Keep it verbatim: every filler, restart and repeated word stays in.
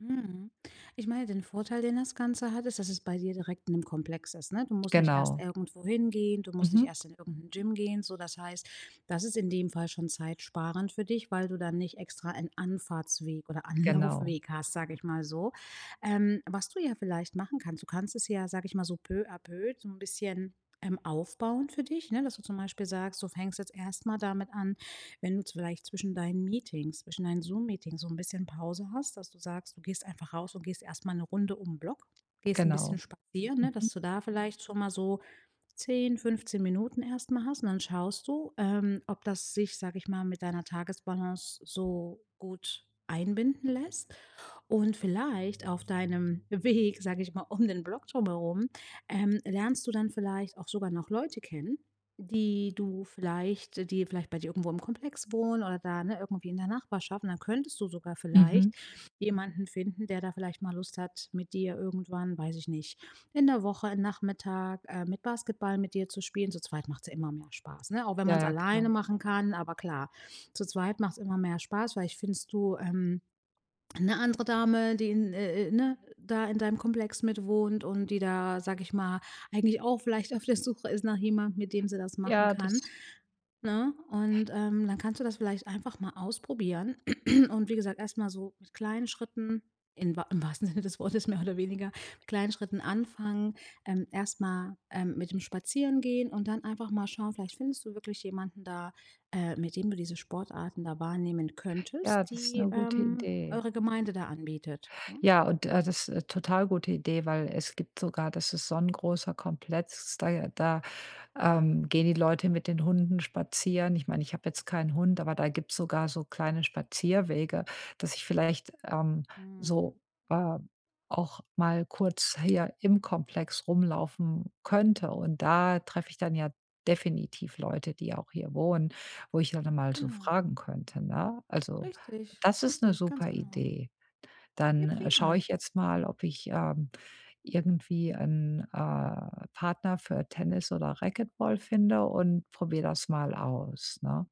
Mhm. Ich meine, den Vorteil, den das Ganze hat, ist, dass es bei dir direkt in dem Komplex ist, ne? Du musst nicht erst Genau. irgendwo hingehen, du musst nicht Mhm. erst in irgend 'n Gym gehen, so, das heißt, das ist in dem Fall schon zeitsparend für dich, weil du dann nicht extra einen Anfahrtsweg oder Genau. Anlaufweg hast, sage ich mal so. Ähm, was du ja vielleicht machen kannst: Du kannst es ja, sage ich mal so, peu à peu, so 'n bisschen, ähm, aufbauen für dich, ne? Dass du zum Beispiel sagst, du fängst jetzt erst mal damit an, wenn du z vielleicht zwischen deinen Meetings, zwischen deinen Zoom-Meetings so 'n bisschen Pause hast, dass du sagst, du gehst einfach raus und gehst erst mal 'ne Runde um 'n Block, gehst 'n bisschen Genau. spazieren, ne, Mhm. dass du da vielleicht schon mal so zehn, fünfzehn Minuten erst mal hast. Und dann schaust du, ähm, ob das sich- sage ich mal- mit deiner Tagesbalance so gut einbinden lässt. Und vielleicht auf deinem Weg, sage ich mal, um den Block drum herum, ähm, lernst du dann vielleicht auch sogar noch Leute kennen, die du vielleicht die vielleicht bei dir irgendwo im Komplex wohnen oder da, ne, irgendwie in der Nachbarschaft. Und dann könntest du sogar vielleicht Mhm. jemanden finden, der da vielleicht mal Lust hat, mit dir irgendwann- weiß ich nicht- in der Woche, Nachmittag, ähm, mit Basketball mit dir zu spielen. Zu zweit macht's ja immer mehr Spaß, ne? Auch wenn Ja, man's ja, klar. alleine machen kann, aber klar, zu zweit macht's immer mehr Spaß. Vielleicht findest du, ähm, 'ne andere Dame, die in, äh äh ne, da in deinem Komplex mit wohnt und die da, sage ich mal, eigentlich auch vielleicht auf der Suche ist nach jemandem, mit dem sie das machen Ja, kann, das ne? Und, ähm, dann kannst du das vielleicht einfach mal ausprobieren und wie gesagt, erst mal so mit kleinen Schritten, in wahr im wahrsten Sinne des Wortes mehr oder weniger, mit kleinen Schritten anfangen. Ähm, erst mal, ähm, mit dem Spazierengehen und dann einfach mal schauen: Vielleicht findest du wirklich jemanden da, äh, mit dem du diese Sportarten da wahrnehmen Ja, könntest, das ist die, 'ne gute ähm, Idee. eure Gemeinde da anbietet, ne? Ja, und, äh, das total gute Idee, weil es gibt sogar das ist so 'n großer Kompletz, da ja, da, ähm, gehen die Leute mit den Hunden spazieren. Ich meine, ich habe jetzt keinen Hund, aber da gibt's sogar so kleine Spazierwege, dass ich vielleicht, ähm, Mhm. so, äh, auch mal kurz hier im Komplex rumlaufen könnte. Und da treffe ich dann ja definitiv Leute, die auch hier wohnen, wo ich ja dann mal so Genau. fragen könnte, ne? Also, Richtig, das ist 'ne richtig, ganz super genau. Idee. Ja, Dann schaue prima. ich jetzt mal, ob ich, ähm, irgendwie 'n, äh, Partner für Tennis oder Racketball finde und probiere das mal aus, ne?